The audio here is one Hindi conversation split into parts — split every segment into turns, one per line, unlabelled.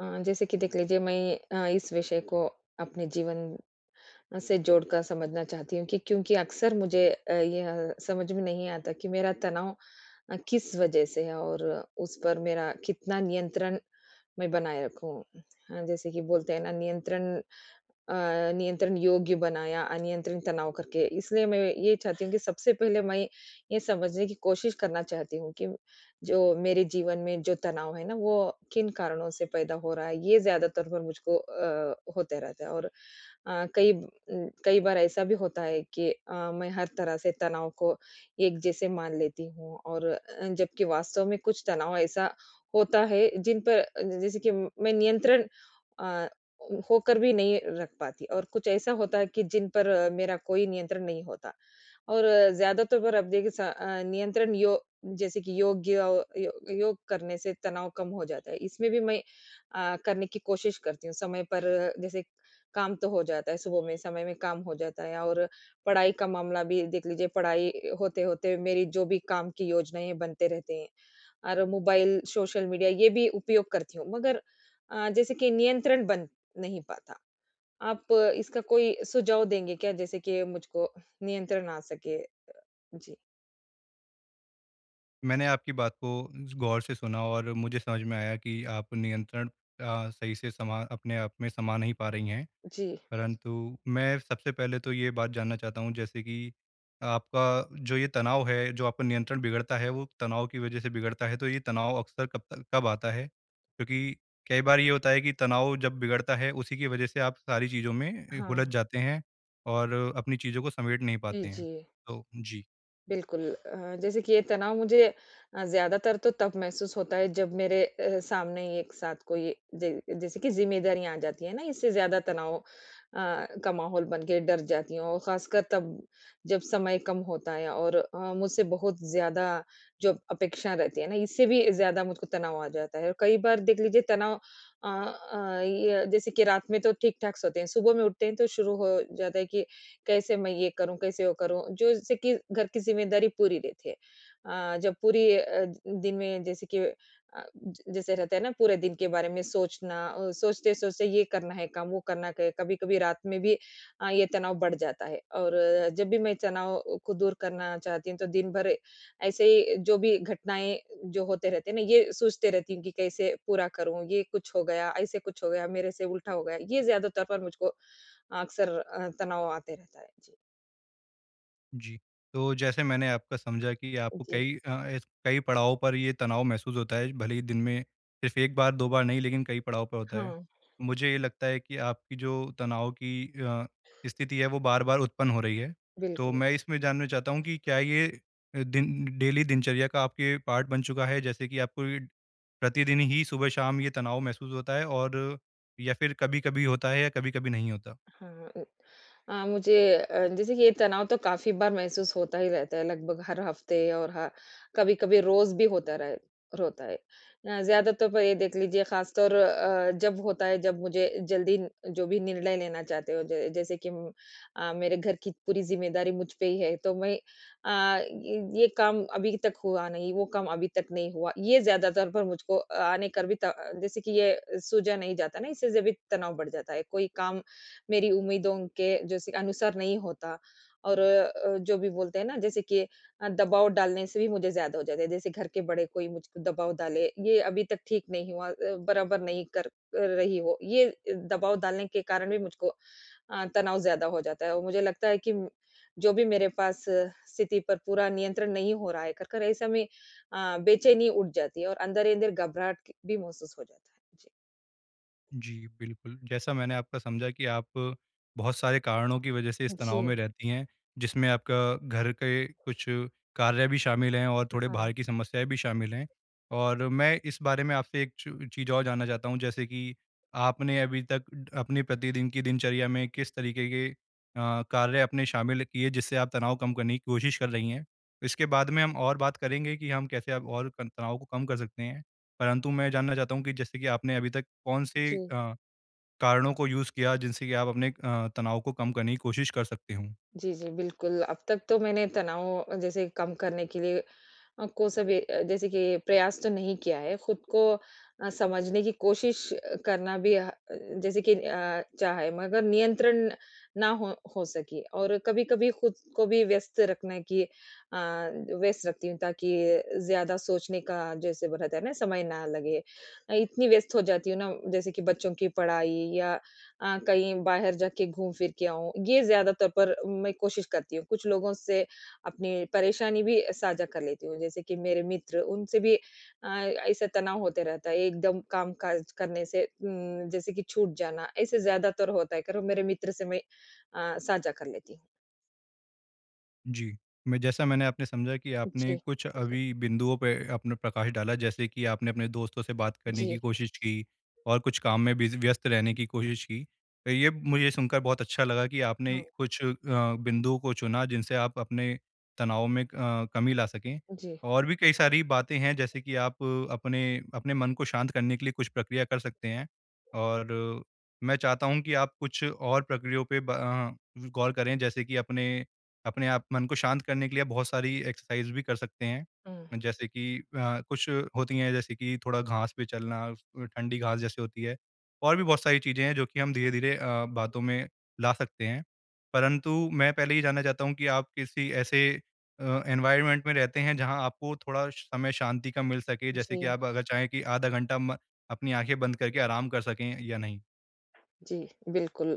अ, जैसे कि देख लीजिए मैं अ, इस विषय को अपने जीवन से जोड़कर समझना चाहती हूँ कि क्योंकि अक्सर मुझे अ, यह समझ में नहीं आता कि मेरा तनाव अ, किस वज़ह से है और उस पर मेरा कितना नियंत्रण मैं बनाए रखूँ। अ, जैसे कि बोलते हैं ना, नियंत्रण अ, नियंत्रण योग्य बनाया, अनियंत्रण तनाव करके इसलिए मैं ये चाहती हूँ कि सबसे पहले मैं ये समझने की कोशिश करना चाहती हूँ कि जो मेरे जीवन में जो तनाव है ना, वो किन कारणों से पैदा हो रहा है। ये ज़्यादातर मुझको अ, होता रहता है और अ, कई उम, कई बार ऐसा भी होता है कि अ, मैं हर तरह से तनाव को एक जैसे मान लेती हूँ और अ, जबकि वास्तव में कुछ तनाव ऐसा होता है जिन पर जैसे कि मैं नियंत्रण अ, होकर भी नहीं रख पाती और कुछ ऐसा होता है कि जिन पर अ, मेरा कोई नियंत्रण नहीं होता और ज़्यादातर पर अब देखिए स अ, नियंत्रण यो जैसे कि योग्य अ, यो योग करने से तनाव कम हो जाता है इसमें भी मैं अ, करने की कोशिश करती हूँ। समय पर जैसे काम तो हो जाता है सुबह में समय में काम हो जाता है और पढ़ाई का मामला भी देख लीजिए पढ़ाई अ, होते-होते मेरी जो भी काम की योजनाएँ बनते रहते हैं। और मोबाइल, सोशल मीडिया ये भी उपयोग करती हूँ। मगर अ, जैसे कि नियंत्रण बन नहीं पाता। आप इसका कोई सुझाव देंगे क्या जैसे कि मुझको नियंत्रण आ सके? अ, जी।
मैंने आपकी बात को गौर से सुना और मुझे समझ में आया कि आप नियंत्रण अ, सही से समा अपने आप में समाँ नहीं पा रही हैं।
जी।
परंतु मैं सबसे पहले तो ये बात जानना चाहता हूँ जैसे कि आपका जो ये तनाव है जो आपका नियंत्रण बिगड़ता है वो तनाव की वज़ह से बिगड़ता है तो ये तनाव अक्सर कब तक कब आता है? क्योंकि कई बार ये होता है कि तनाव जब बिगड़ता है उसी की वज़ह से आप सारी चीज़ों में हुलझ
हाँ।
जाते हैं और अपनी चीज़ों को समेट नहीं
जी,
पाते हैं,
जी।
तो जी।
बिल्कुल अ, जैसे कि ये तनाव मुझे ज़्यादातर तो तब महसूस होता है जब मेरे अ, सामने एक साथ कोई जै जैसे की जिम्मेदारियाँ आ जाती है ना इससे ज़्यादा तनाव अ, का माहौल बन के डर जाती हूँ। और ख़ासकर तब, जब समय कम होता है और अ, मुझसे बहुत ज़्यादा जो अपेक्षा रहती है ना, इससे भी ज़्यादा मुझको तनाव आ जाता है। और कई बार देख लीजिए तनाव अ अ, ये जैसे कि रात में तो ठीक-ठाक सोते हैं। सुबह में उठते हैं तो शुरू हो जाता है कि कैसे मैं ये करूँ? कैसे वो करूँ? जो जैसे कि घर की जिम्मेदारी पूरी रहती है। अ, जब पूरी अ, दिन में जैसे कि अ, जैसे रहता है ना पूरे दिन के बारे में सोचना, सोचते-सोचते ये करना है काम वो करना कभी-कभी रात में भी अ, ये तनाव बढ़ जाता है। और जब भी मैं तनाव को दूर करना चाहती हूँ तो दिन भर ऐसे ही जो भी घटनाएँ जो रहते हैं ना ये सोचती रहती हूँ कि कैसे पूरा करूँ? ये कुछ हो गया, ऐसे कुछ हो गया मेरे से उल्टा हो गया। ये ज़्यादा तौर पर मुझको अक्सर अ, तनाव आते रहता है, जी।
जी। तो जैसे मैंने आपका समझा कि आपको
जी।
कई अ, कई पड़ाव पर ये तनाव महसूस होता है। भले ही दिन में सिर्फ़ 1 बार 2 बार नहीं लेकिन कई पड़ाव पे होता है।
हाँ।
मुझे ये लगता है कि आपकी जो तनाव की अ, स्थिति है वो बार-बार उत्पन्न हो रही है। तो
बिल्कुल।
मैं इसमें जानना चाहता हूँ कि क्या ये दिन डेली दिनचर्या का आपके पार्ट बन चुका है जैसे कि आपको ये प्रतिदिन ही सुबह शाम ये तनाव महसूस होता है और या फिर कभी-कभी होता है या कभी-कभी नहीं होता?
हाँ उम, अ, मुझे जैसे ये तनाव तो काफ़ी बार महसूस होता ही रहता है। लगभग हर हफ़्ते और ह कभी-कभी रोज़ भी होता रहा है रोता है। अ, ज़्यादा तो ये देख लीजिए ख़ासतौर अ, जब होता है जब मुझे जल्दी जो भी निर्णय लेना चाहते हो ज जैसे कि अ, मेरे घर की पूरी ज़िम्मेदारी मुझ पे ही है। तो मैं अ, ये ये काम अभी तक हुआ नहीं वो काम अभी तक नहीं हुआ। ये ज़्यादातर पर मुझको आने का भी जैसे कि ये सूझा नहीं जाता ना, इससे भी तनाव बढ़ जाता है, कोई काम मेरी उम्मीदों के जैसी अनुसार नहीं होता और अ, जो भी बोलते हैं ना जैसे कि अ, दबाव डालने से भी मुझे ज़्यादा हो जाता है। जैसे घर के बड़े कोई मुझको दबाव डाले। ये अभी तक ठीक नहीं हुआ। बराबर नहीं कर रही हो। ये दबाव डालने के कारण भी मुझको अ, तनाव ज़्यादा हो जाता है। और मुझे लगता है कि जो भी मेरे पास स्थिति पर पूरा नियंत्रण नहीं हो रहा है कर, कर ऐसा में अ, बेचैनी उठ जाती है और अंदर ही अंदर घबराहट भी महसूस हो जाता है। जी।
जी। बिल्कुल, जैसा मैंने आपका समझा कि आप बहुत सारे कारणों की वज़ह से इस तनाव
जी।
में रहती हैं। जिसमें आपका घर के कुछ कार्य भी शामिल हैं और थोड़े
हाँ।
बाहर की समस्याएँ भी शामिल हैं। और मैं इस बारे में आपसे एक च चीज़ और जानना चाहता हूँ जैसे कि आप आपने अभी तक अपने प्रतिदिन की दिनचर्या में किस तरीके के अ, कार्य आपने शामिल किए जिससे आप तनाव कम करने की कोशिश कर रही हैं? इसके बाद में हम और बात करेंगे कि हम कैसे हम और तनाव को कम कर सकते हैं। परंतु मैं जानना चाहता हूँ कि जैसे कि आपने अभी तक कौन-से
जी।
अ, कारणों को यूज़ किया जिनसे की आप अपने अ, तनाव को कम करने की कोशिश कर सकते हो?
जी, जी। बिल्कुल, अब तक तो मैंने तनाव जैसे कम करने के लिए अ, को सब जैसे कि प्रयास तो नहीं किया है। खुद को अ, समझने की कोशिश करना भी अ, जैसे कि अ, चाहे, मगर नियंत्रण ना हो हो सके। और कभी-कभी खुद को भी व्यस्त रखने की अ, व्यस्त रखती हूँ ताकि ज़्यादा सोचने का जैसे रहता है ना, समय ना लगे। इतनी व्यस्त हो जाती हूँ ना, जैसे कि बच्चों की पढ़ाई या अ, कहीं बाहर जाके घूम-फिर के आऊँ। ये ज़्यादा तौर पर मैं कोशिश करती हूँ। कुछ लोगों से अपनी परेशानी भी साझा कर लेती हूँ जैसे कि मेरे मित्र उनसे भी अ, ऐसे तनाव होता रहता है एकदम काम-काज करने से उम, जैसे कि छूट जाना ऐसे ज़्यादातर होता है करो मेरे मित्र से मैं अ, साझा कर लेती हूँ।
जी, मैं जैसा मैंने आपने समझा कि आपने
जी।
कुछ अभी बिंदुओं पे अपना प्रकाश डाला जैसे कि आपने अपने दोस्तों से बात करने की
जी।
कोशिश की, और कुछ काम में बिज़ी व्यस्त रहने की कोशिश की। तो ये मुझे सुनकर बहुत अच्छा लगा कि आपने
हाँ।
कुछ अ, बिंदुओं को चुना जिनसे आप अपने तनाव में अ, कमी ला सकें,
जी।
और भी कई सारी बातें हैं जैसे कि आप अपने अपने मन को शांत करने के लिए कुछ प्रक्रिया कर सकते हैं। और मैं चाहता हूँ कि आप कुछ और प्रक्रियाओं पे ब अ, गौर करें, जैसे कि अपने अपने आप मन को शांत करने के लिए आप बहुत सारी एक्सरसाइज़ भी कर सकते हैं,
हुँ।
जैसे कि अ, कुछ होती है जैसे कि थोड़ा घास पे चलना, अ, ठंडी घास जैसे होती है, और भी बहुत सारी चीज़ें हैं जो कि हम धीरे-धीरे अ, बातों में ला सकते हैं। परंतु मैं पहले ये जानना चाहता हूँ कि आप किसी ऐसे अ, एनवायरनमेंट में रहते हैं जहाँ आपको थोड़ा समय शांति का मिल सके जैसे कि
जी।
आप अगर चाहें कि आधा घंटा म अपनी आँखें बंद करके आराम कर सकें या नहीं?
जी, बिल्कुल।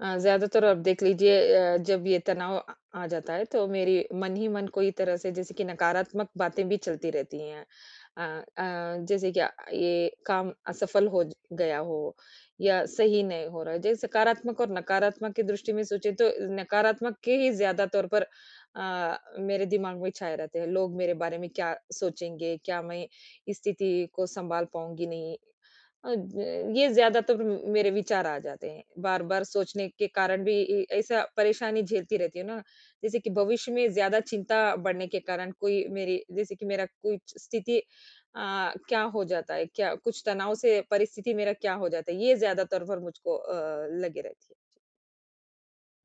अ, ज़्यादातर आप देख लीजिए अ, जब ये तनाव अ, आ जाता है तो मेरी मन ही मन को एक तरह से जैसे कि नकारात्मक बातें भी चलती रहती हैं। अ अ, जैसे कि ये काम असफ़ल हो गया हो, या सही नहीं हो रहा है, जैसे सकारात्मक और नकारात्मक की दृष्टि में सोचे तो नकारात्मक के ही ज़्यादा तौर पर अ, मेरे दिमाग में छाए रहते हैं, लोग मेरे बारे में क्या सोचेंगे? क्या मैं इस स्थिति को संभाल पाऊँगी नहीं? अ, ये ज़्यादातर मेरे विचार आ जाते हैं, बार-बार सोचने के कारण भी इ ऐसा परेशानी झेलती रहती हूँ ना, जैसे कि भविष्य में ज़्यादा चिंता बढ़ने के कारण कोई मेरी जैसे की मेरा कुछ स्थिति अ, क्या हो जाता है? क्या कुछ तनाव से परिस्थिति मेरा क्या हो जाता है? ये ज़्यादातर फिर मुझको अ, लगी रहती है।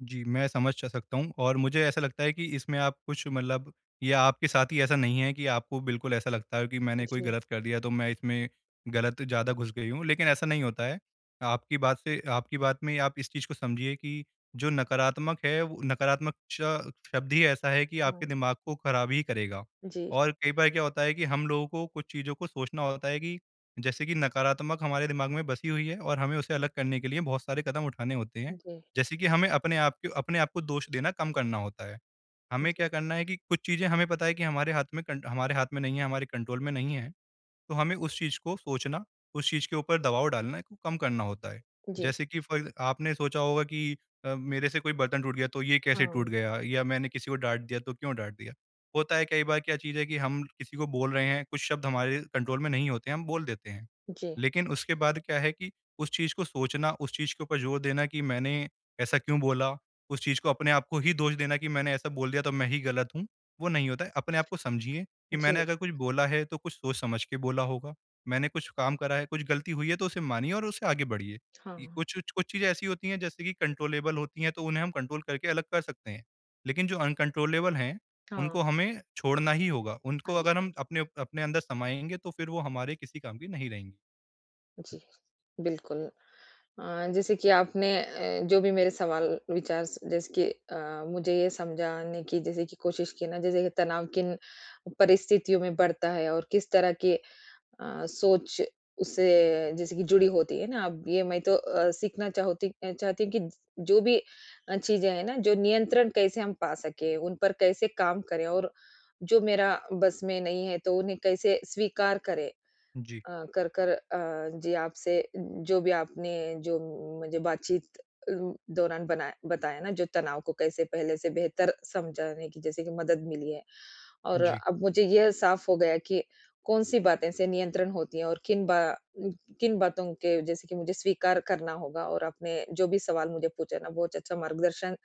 जी, मैं समझ स सकता हूँ और मुझे ऐसा लगता है कि इसमें आप कुछ मतलब ये आपके साथ ही ऐसा नहीं है कि आपको बिल्कुल ऐसा लगता है कि
अ,
मैंने कोई
जी।
गलत कर दिया तो मैं इसमें गलत ज़्यादा घुस गई हूँ लेकिन ऐसा नहीं होता है। आपकी बात से आपकी बात में आप इस चीज़ को समझिए कि जो नकारात्मक है वो नकारात्मक च शब्द ही ऐसा है कि आपके
हाँ।
दिमाग को ख़राब ही करेगा।
जी।
और कई बार क्या होता है कि हम लोगों को कुछ चीज़ों को सोचना होता है कि जैसे कि नकारात्मक हमारे दिमाग में बसी हुई है और हमें उसे अलग करने के लिए बहुत सारे कदम उठाने होते हैं।
जी।
जैसे कि हमें अपने आपके अपने आपको दोष देना कम करना होता है। हमें क्या
जी।
करना है कि कुछ चीज़ें हमें पता है कि हमारे हाथ में कंट हमारे हाथ में नहीं है, हमारे कंट्रोल में नहीं है। तो हमें उस चीज़ को सोचना, उस चीज़ के ऊपर दबाव डालने को कम करना होता है।
जी।
जैसे कि फॉर आपने सोचा होगा कि अ, मेरे से कोई बर्तन टूट गया तो ये कैसे टूट
हाँ।
गया या मैंने किसी को डाँट दिया तो क्यों डाँट दिया, होता है कई बार क्या चीज़ है कि हम किसी को बोल रहे हैं, कुछ शब्द हमारे कंट्रोल में नहीं होते हैं हम बोल देते हैं।
जी।
लेकिन उसके बाद क्या है कि उस चीज़ को सोचना, उस चीज़ के ऊपर ज़ोर देना कि मैंने ऐसा क्यों बोला, उस चीज़ को अपने आपको ही दोष देना कि मैंने ऐसा बोल दिया तो मैं ही गलत हूँ वो नहीं होता है। अपने आप को समझिए कि मैंने
जी।
अगर कुछ बोला है तो कुछ सोच-समझ के बोला होगा। मैंने कुछ काम करा है, कुछ गलती हुई है तो उसे मानिए और उसे आगे बढ़िए। इ
हाँ।
कुछ-कुछ, कुछ चीज़ें ऐसी होती हैं जैसे कि कंट्रोलेबल होती हैं तो उन्हें हम कंट्रोल करके अलग कर सकते हैं। लेकिन जो अनकंट्रोलेबल हैं,
हाँ।
उनको हमें छोड़ना ही होगा। उनको
हाँ जी।
अगर हम अपने उप अपने अंदर समाएँगे तो फिर वो हमारे किसी काम की नहीं रहेंगी।
जी, बिल्कुल। अ, जैसे कि आपने अ, जो भी मेरे सवाल विचार स जैस कि अ, मुझे ये समझाने की जैसे कि कोशिश की ना, जैसे तनाव किन परिस्थितियों में बढ़ता है और किस तरह की अ, सोच उससे जैसे कि जुड़ी होती है ना अब ये मैं तो अ, सीखना चाहूती चाहती हूँ कि जो भी अ, चीज़ें हैं न जो नियंत्रण कैसे हम पा सकें उन पर कैसे काम करें और जो मेरा बस में नहीं है तो उन्हें कैसे स्वीकार करें।
जी।
अ, कर-कर अ, जी आपसे उम्म, जो भी आपने जो मुझे बातचीत अ, दौरान बनाया बताया न जो तनाव को कैसे पहले से बेहतर समझाने की जैसे कि मदद मिली है। और
जी।
अब मुझे यह साफ़ हो गया कि कौन-सी बातें से नियंत्रण होती है और किन बा उम, किन बातों के जैसे कि मुझे स्वीकार करना होगा और आपने जो भी सवाल मुझे पूछा ना बहुत अच्छा मार्गदर्शन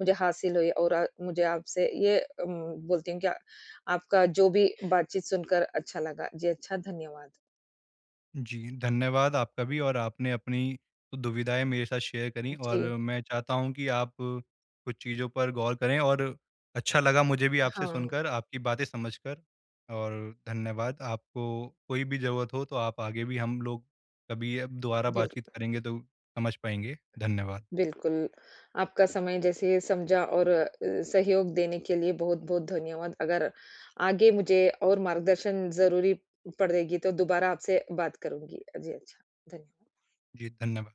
मुझे हासिल हुई और अ, मुझे आपसे ये उम, बोलती हूँ कि आपका जो भी बातचीत सुनकर अच्छा लगा। जी अच्छा, धन्यवाद।
जी। धन्यवाद, आपका भी और आपने अपनी दुविधाएँ मेरे साथ शेयर करीं और
जी।
मैं चाहता हूँ कि आप कुछ चीज़ों पर गौर करें और अच्छा लगा मुझे भी आपसे
हाँ।
सुनकर आपकी बातें समझकर और धन्यवाद। आपको कोई भी ज़रूरत हो तो आप आगे भी हम लोग कभी अब दोबारा
जी,
बातचीत
बिल्कुल।
करेंगे तो समझ पाएँगे। धन्यवाद।
बिल्कुल। आपका समय जैसे समझा और अ, सहयोग देने के लिए बहुत-बहुत धन्यवाद। अगर आगे मुझे और मार्गदर्शन ज़रूरी पड़ेगी तो दोबारा आपसे बात करुँगी। जी अच्छा, धन्य
जी, धन्यवाद।